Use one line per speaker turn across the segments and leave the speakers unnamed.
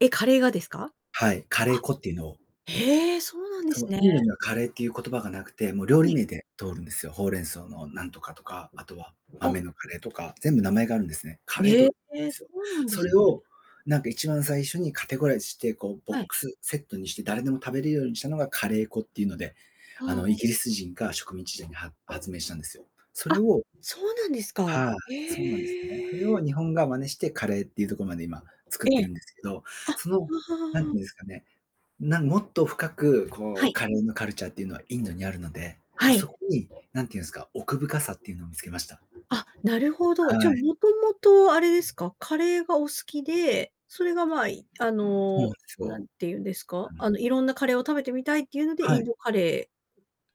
え、カレーがですか？
はい、カレー
あ、
粉っていうのを
へえ、そうなんで
そ
す
う、
ね。
インドにはカレーっていう言葉がなくて、もう料
は
理
い。
名で通るんですよ。ほうれん草のなんとかとか、あとは、
お。
豆のカレーとか、全部名前があるんですね。カレー
へ
とで
え、そ
すよ。
うなんで
そ
す
れ
ね。
を、なんか一番最初にカテゴライズして、こうボッ
はい。
クスセットにして、誰でも食べれるようにしたのがカレー粉っていうので、
は
あの、イ
あ。
ギリス人が植民地時代に、は発明したんですよ。それ
あ。
を、
そうなんです
[unintelligible]
か。
はあ、そうなんですね。それ
へ
を
え。
日本が真似してカレーっていうとこまで今、作っ
え
て
え。
るんですけど、
あ。は
その、なんてい
あ。
うんですかね、なんもっと深く、こ
は
う、
い。
カレーのカルチャーっていうのはインドにあるので、
は
そ
い。
こに、何ていうんっすか、奥深さっていうのを見つけました。
あ、なるほど、じゃあ、
はい。
もともとあれですか、カレーがお好きで、それが、ま
あ。
あ、あ
そうなんで
の、
す
何
よ。
て言うんです
う
か、
ん。
あの、色んなカレーを食べてみたいっていうので、
は
イン
い。
ドカレ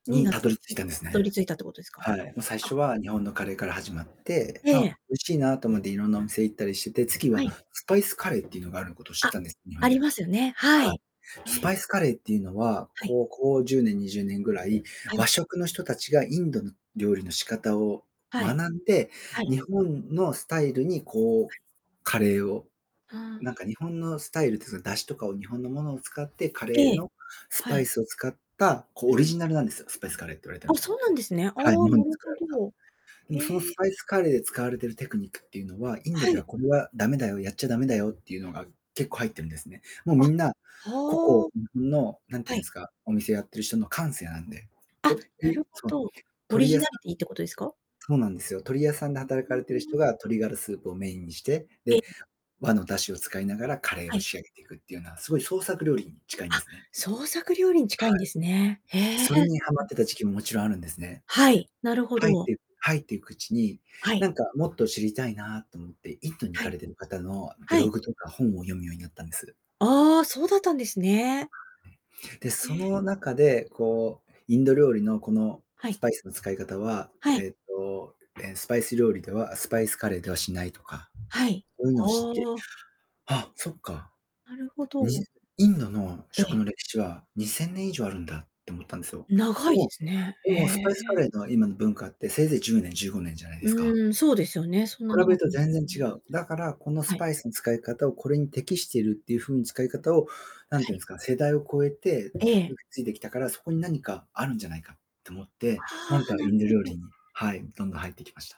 ーに
に、
なっ
たど
た、
り着いたんです
たど
ね。
り着いたってことですか、
はい。ま、最
あ。
初は日本のカレーから始まって、
え
ま、
え。
美味しいなと思っていろんなお店行ったりしてて、次
は
は
い。
スパイスカレーっていうのがあることを知っ
あ。
たんです、日本
あり
で。
ますよねは
はい。
い。
スパイ
え。
スカレーっていうのは、
はい。
ここ10年、20年ぐらい、
は
和
い。
食の人たちがインドの料理の仕方を
はい。
学んで、
はい。
日本のスタイルにこ
はい。
う、カレーを、
あ
なん
あ。
か日本のスタイルってそういう、出汁とかを日本のものを使ってカ
え
レー
え、
のス
は
パイ
い。
スを使った、こう、
う
オリ
ん。
ジナルなんですよ、スパイスカレーって言われてる
あ、
のは。
そうなんですね。あ
はい、日
あ、
本
な
で
る
作
ほ
られた。
ど。
でもその
へ
ス
え。
パイスカレーで使われているテクニックっていうのは、インド
は
で
い。
はこれは駄目だよ、やっちゃ駄目だよっていうのが、結構入ってるんですね。もう、
あ。
みんな
は
個
あ。
々の、なんてい
は
うん
い。
ですか、お店やってる人の感性なんで。
あ、
ほんと
なる
に、
ほ
その、
ど。オリ
鳥
ジ
屋さ
ナリテ
ん
ィってことですか？
そうなんですよ、鳥屋さんで
ふ
働
ふ
かれている
ー
人
ん。
が鶏がらスープをメインにして、
え。
で、和の出汁を使いながらカレー
は
を
い。
仕上げていくっていうのは、すごい創作料理に近いんで
あ、
すね。
創作料理に
は
近いんですね。へ
い。
え、
それに
そ
ハ
うな
マっ
んで
て
す
た
ね。
時期ももちろんあるんですね。
はい、なるほ
入っ
ど。
て入っていくうちに、
はい。
なんかもっと知りたいなと思ってインドに行
は
かれ
い。
てる方のブ
はい。
ログとか本を読むようになったんです。
ああ、そうだったんですね。
で、
え
そ
え。
の中で、こう、インド料理のこの
は
ス
い。
パイスの使い方は、
はい。
えっと、ええ、スパイス料理ではスパイスカレーではしないとか、
はい。
そういうのを
ほ
知って、
お。
あ、そっか。
なるほ
に
ど。
インドの
え
食
え。
の歴史は2000年以上あるんだって思ったんですよ。
長
で
いで
も
すね。
で
へ
もスパイスカ
え。
レーの今の文化ってせいぜい10年、15年じゃないですか。
うん、そうですよね、そんな
比べ
長
る
く
と全然違
[unintelligible]
う。だから、この
は
ス
い。
パイスの使い方をこれに適しているっていう風な使い方を、何て
は
言うん
い。
ですか、世代を超えて受
え
け
え。
継いできたから、そこに何かあるんじゃないかと思っ
あ
て、なん
あ、
か
な
イ
る
ンド
ほ
料理
ど。
に、はい、どんどん入ってきました。